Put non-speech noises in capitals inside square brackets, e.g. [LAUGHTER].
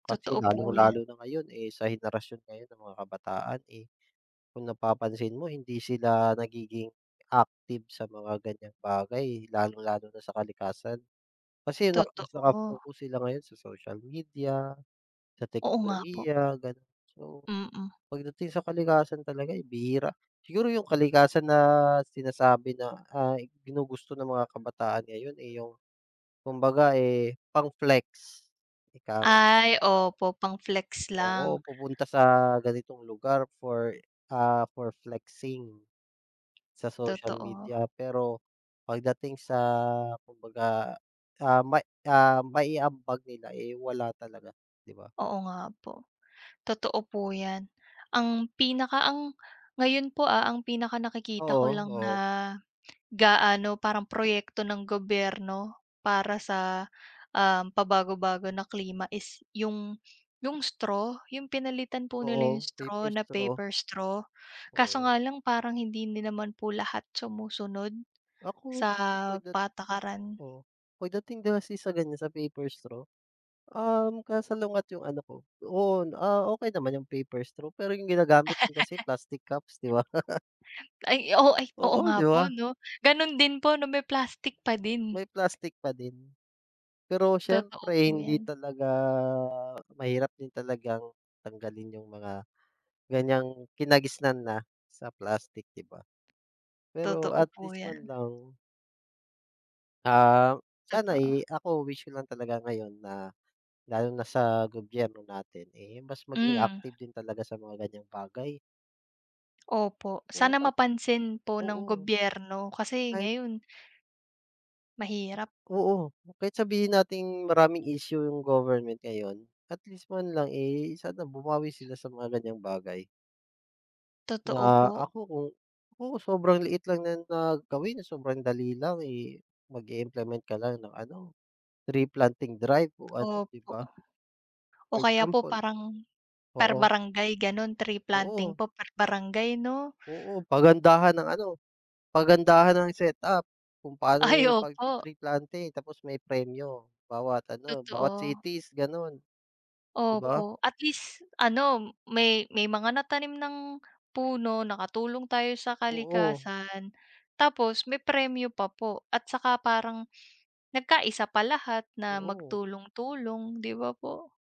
Kasi Totoo po 'ya lalong-lalo na ngayon, eh, sa henerasyon ngayon ng mga kabataan, eh, kung napapansin mo hindi sila nagiging active sa mga ganyang bagay. Lalong-lalo na sa kalikasan. Kasi naka mas Totoo. naka-focus sila ngayon sa social media, sa Oo nga po. teknolohiya, gano'n. So, Mm. pagdating sa kalikasan talaga, eh, bihira. Siguro 'yong kalikasan na sinasabi na, ah, ginugusto ng mga kabataan ngayon, eh, 'yong kumbaga, eh, pang-flex, ikang. Ay, [UNINTELLIGIBLE] opo. Pang-flex Oo, lang. pupunta sa ganitong lugar for, ah, for flexing, sa social Totoo. media. Pero, pagdating sa kumbaga, ah, ma ah, mai-ambag nila, eh, wala talaga, 'di ba? Oo nga po. Totoo po 'yan, ang pinaka ang ngayon po, ah, ang pinakanakikita ko Oo, lang na, oo. gaano parang proyekto ng gobyerno, para sa, ah, pabago-bago na klima is 'yong 'yong straw. 'Yong pinalitan po nila 'yong Oo, straw paper na straw. paper straw. Kaso Oo. nga lang parang hindi din naman po lahat sumusunod, sa Ako, kasi pagdat patakaran. oo, pagdating 'di ba, kasi sa ganyan sa paper straw, um, kasalungat yung ano ko Oo, ah, okay naman 'yong paper straw, pero 'yong ginagamit din kasi [LAUGHS] plastic cups, 'di ba? [LAUGHS] Ay o ay, oo Oo, nga 'di po, ba? 'no? Gano'n din po 'no, may plastik pa din May plastik pa din. Pero Totoo siyempre po hindi yan. talaga, mahirap din talagang tanggalin 'yong mga, ganyang kinagisnan na, sa plastik, 'di ba. Pero, Totoo at po least, man yan. lang Ah, sana, Totoo. eh, ako wish ko lang talaga ngayon na, lalo na sa gobyerno natin, eh, mas maging Hmm. active din talaga sa mga ganyang bagay. Opo. Oo, Sana pag mapansin po ng oo. gobyerno. Kasi Kahit ngayon Mahirap. Oo. Kahit sabihin nating maraming issue 'yong government ngayon. At least, man lang, eh, sana bumawi sila sa mga ganyang bagay Totoo Na po. ako, kung Naku, sobrang liit lang niyan na gawin, sobrang dali lang, eh, mag-i-implement ka lang ng ano, tree planting drive o ano, 'di Opo. ba? O For kaya po example parang, per oo. barangay, gano'n. Tree planting Oo. po, per barangay 'no? Oo, pagandahan ng ano, pagandahan ng setup kung paano Ay, 'yong opo. pagti-tree planting, tapos may premyo, bawat ano, bawat Totoo. cities, gano'n. 'Di ba? Opo. At least, ano may may mga natanim ng puno, nakatulong tayo sa Oo. kalikasan. Tapos, may premyo pa po at saka parang, nagka-isa pa lahat na Oo. magtulong-tulong, 'di ba po?